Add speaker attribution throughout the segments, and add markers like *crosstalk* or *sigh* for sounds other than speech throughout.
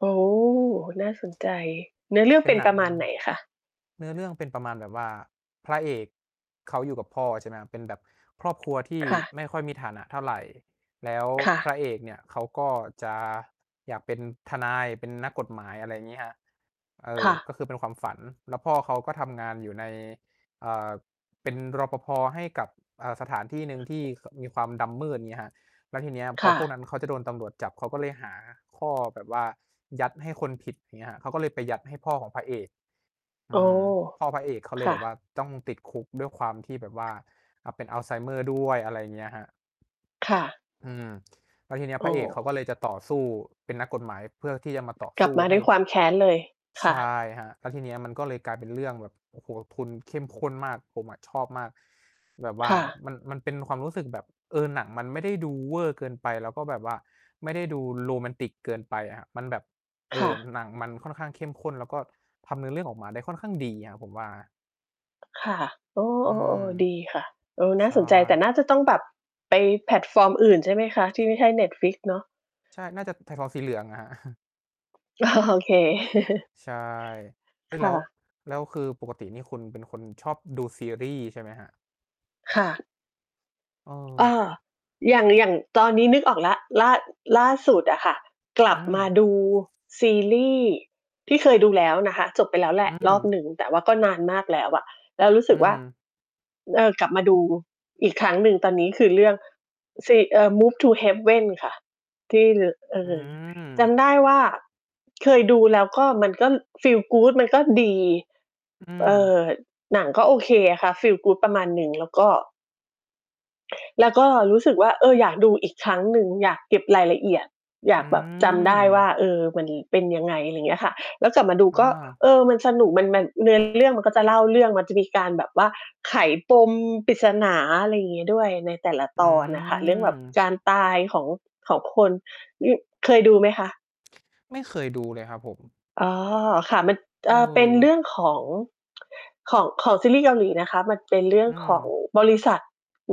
Speaker 1: โอ้ น่าสนใจ เนื้อเรื่อง
Speaker 2: เป
Speaker 1: เ
Speaker 2: ็น
Speaker 1: ป็น
Speaker 2: หนั
Speaker 1: ปร
Speaker 2: ง
Speaker 1: ะมาณไหนคะ?
Speaker 2: เนื้อเรื่องเป็นประมาณแบบว่าพระเอกเขาอยู่กับพ่อ ใช่ไหมครับ เป็นแบบครอบครัวที่
Speaker 1: ค่ะ
Speaker 2: ไม่ค่อยมีฐานะเท่าไร แล้ว
Speaker 1: ค่
Speaker 2: พ
Speaker 1: ะ
Speaker 2: ระเอกเนี่ยเขาก็จะอยากเป็นทนาย เป็นนักกฎหมาย อะไรอย่างนี้ครับ เอ
Speaker 1: ค
Speaker 2: อ
Speaker 1: ่ะ
Speaker 2: ก็คือเป็นความฝัน แล้วพ่อเขาก็ทำงานอยู่ใน เอ่อ เป็น รปภ. ให้กับ เอ่อ สถานที่หนึ่งที่ ข มีความดำมืด อย่างงี้ครับ แล้วทีเนี้ยพ
Speaker 1: ค
Speaker 2: อ
Speaker 1: ่
Speaker 2: พวกน
Speaker 1: ะ
Speaker 2: ั้นเขาจะโดนตำรวจจับ เขาก็เลยหาข้อแบบว่ายัดให้คนผิด อย่างงี้ครับ เขาก็เลยไปยัดให้พ่อของพระเอก
Speaker 1: โ
Speaker 2: อ
Speaker 1: อ้
Speaker 2: ืม พ่อพระเอกเขาเล
Speaker 1: ค
Speaker 2: ย
Speaker 1: ่
Speaker 2: แบบว่
Speaker 1: ะ
Speaker 2: าจ้องติดคุกด้วยความที่แบบว่า อะ เป็นอัลไซเมอร์ด้วย อะไรอย่างเงี้ยครับ
Speaker 1: ค่ะ
Speaker 2: อืม แล้วทีเนี้ย
Speaker 1: โอ
Speaker 2: พร
Speaker 1: ้
Speaker 2: ะเอกเขาก็เลยจะต่อสู้ เป็นนักกฎหมายเพื่อที่จะมาต่อ
Speaker 1: ก
Speaker 2: ส
Speaker 1: ลั
Speaker 2: ู
Speaker 1: บ
Speaker 2: ้
Speaker 1: มา
Speaker 2: ให
Speaker 1: ด
Speaker 2: ้
Speaker 1: ้วยความแค้นเลย ค
Speaker 2: ใช
Speaker 1: ่ะ
Speaker 2: ่ครับ แล้วทีเนี้ยมันก็เลยกลายเป็นเรื่องแบบ โอ้โฮ ทุน เข้มข้นมาก ผมอะชอบมาก แบบว่า
Speaker 1: ค่ะ
Speaker 2: มัน มันเป็นความรู้สึกแบบ เออ หนังมันไม่ได้ดูเวอร์เกินไป แล้วก็แบบว่าไม่ได้ดูโรแมนติกเกินไปอะ มันแบบ เอ
Speaker 1: ค่
Speaker 2: อ
Speaker 1: ะ
Speaker 2: หนังมันค่อนข้างเข้มข้น แล้วก็ทำเนื้อเรื่องออกมาได้ค่อนข้างดีครับผมว่า
Speaker 1: ค่ะ โอ้
Speaker 2: อืม
Speaker 1: ๆ ๆ ดีค่ะ เออ น่
Speaker 2: ใช
Speaker 1: า
Speaker 2: ่
Speaker 1: สนใจ แต่น่าจะต้องแบบไปแพลตฟอร์มอื่นใช่ไหมคะ? ที่ไม่ใช่ Netflix เนาะ
Speaker 2: ใช่ น่าจะแพลตฟอร์มสีเหลืองอะ ครับ *chuckles*
Speaker 1: โอเค *chuckles*
Speaker 2: ใช่ เออ
Speaker 1: ค
Speaker 2: แล
Speaker 1: ่
Speaker 2: ้ว
Speaker 1: ะ
Speaker 2: แล้วคือปกตินี่คุณเป็นคนชอบดูซีรีส์ใช่ไหมครับ?
Speaker 1: ค่ะ เอ
Speaker 2: เออ
Speaker 1: อ อย่าง อย่างตอนนี้นึกออกแล้ว ล่า ล่าสุดอะค่ะ กลั
Speaker 2: อื
Speaker 1: บม
Speaker 2: ม
Speaker 1: าดูซีรีส์ที่เคยดูแล้วนะคะ จบไปแล้วแหล
Speaker 2: อ
Speaker 1: ะ
Speaker 2: ื
Speaker 1: รอบ
Speaker 2: ม
Speaker 1: หนึ่ง แต่ว่าก็นานมากแล้วอะ แล้วรู้ส
Speaker 2: อื
Speaker 1: ึกว่า
Speaker 2: ม
Speaker 1: เออ กลับมาดูอีกครั้งหนึ่ง ตอนนี้คือเรื่อง เซ เอ่อ Move to Heaven ค่ะ ที่ ล เอ
Speaker 2: อื
Speaker 1: อ จ
Speaker 2: ม
Speaker 1: ำได้ว่า เคยดูแล้วก็มันก็ Feel good มันก็ดี
Speaker 2: อื
Speaker 1: เอ่
Speaker 2: ม
Speaker 1: อ หนังก็โอเคค่ะ Feel good ประมาณหนึ่ง แล้วก็ แล้วก็รู้สึกว่า เออ อยากดูอีกครั้งหนึ่ง อยากเก็บรายละเอียด อย
Speaker 2: อื
Speaker 1: ากแบบจำได้ว่
Speaker 2: ม
Speaker 1: า เออ มันเป็นยังไง อะไรอย่างเงี้ยค่ะ แล้วกลับมาดู
Speaker 2: อ
Speaker 1: ก็
Speaker 2: า
Speaker 1: เออ มันสนุก มัน มัน เนื้อเรื่อง มันก็จะเล่าเรื่อง มันจะมีการแบบว่าไขปมปริศนา อะไรอย่างเงี้ยด้วย ในแต่ละ
Speaker 2: อื
Speaker 1: ตอนอะค่ะ เรื่องแบบ
Speaker 2: ม
Speaker 1: จานตายของ ของคน อ เคยดูไหมคะ?
Speaker 2: ไม่เคยดูเลยครับผม
Speaker 1: อ๋อ ค่ะ มัน
Speaker 2: เ
Speaker 1: เอ่อ เป็นเร
Speaker 2: ออ
Speaker 1: ื่องของ ของ ของซีรีส์เกาหลีนะคะ มันเป็นเรื่
Speaker 2: อ
Speaker 1: อ
Speaker 2: ื
Speaker 1: งของ
Speaker 2: ม
Speaker 1: บริษัท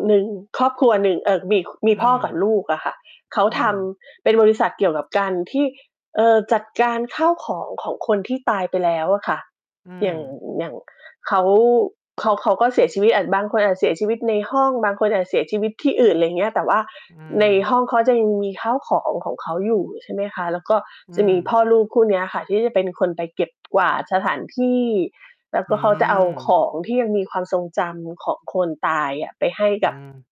Speaker 1: หนึ่ง ครอบครัวหนึ่ง เอ่อ มี ข ม
Speaker 2: อ
Speaker 1: ี
Speaker 2: ื
Speaker 1: พ่อกับ
Speaker 2: ม
Speaker 1: ลูกอะค่ะ เขา
Speaker 2: อื
Speaker 1: ท
Speaker 2: ม
Speaker 1: ำเป็นบริษัทเกี่ยวกับ การที่ เอ่อ จัดการข้าวของของคนที่ตายไปแล้วอะค่ะ
Speaker 2: อื
Speaker 1: อย่าง
Speaker 2: ม
Speaker 1: อย่างเขา เขา เขาก็เสียชีวิต อ่า บางคนอาจเสียชีวิตในห้อง บางคนอาจเสียชีวิตที่อื่น อะไรอย่างเงี้ย แต่ว่า
Speaker 2: อื
Speaker 1: ใน
Speaker 2: ม
Speaker 1: ห้องเขาจะยังมีข้าวของของเขาอยู่ ใช่ไหมคะ แล้วก็
Speaker 2: อื
Speaker 1: จะมี
Speaker 2: ม
Speaker 1: พ่อลูกคู่เนี้ยค่ะที่จะเป็นคนไปเก็บ กวาดสถานที่ แล้วก
Speaker 2: อื
Speaker 1: ็เขาจะเอาข
Speaker 2: ม
Speaker 1: องที่ยังมีความทรงจำของคนตายอะไปให้
Speaker 2: อื
Speaker 1: กับ
Speaker 2: ม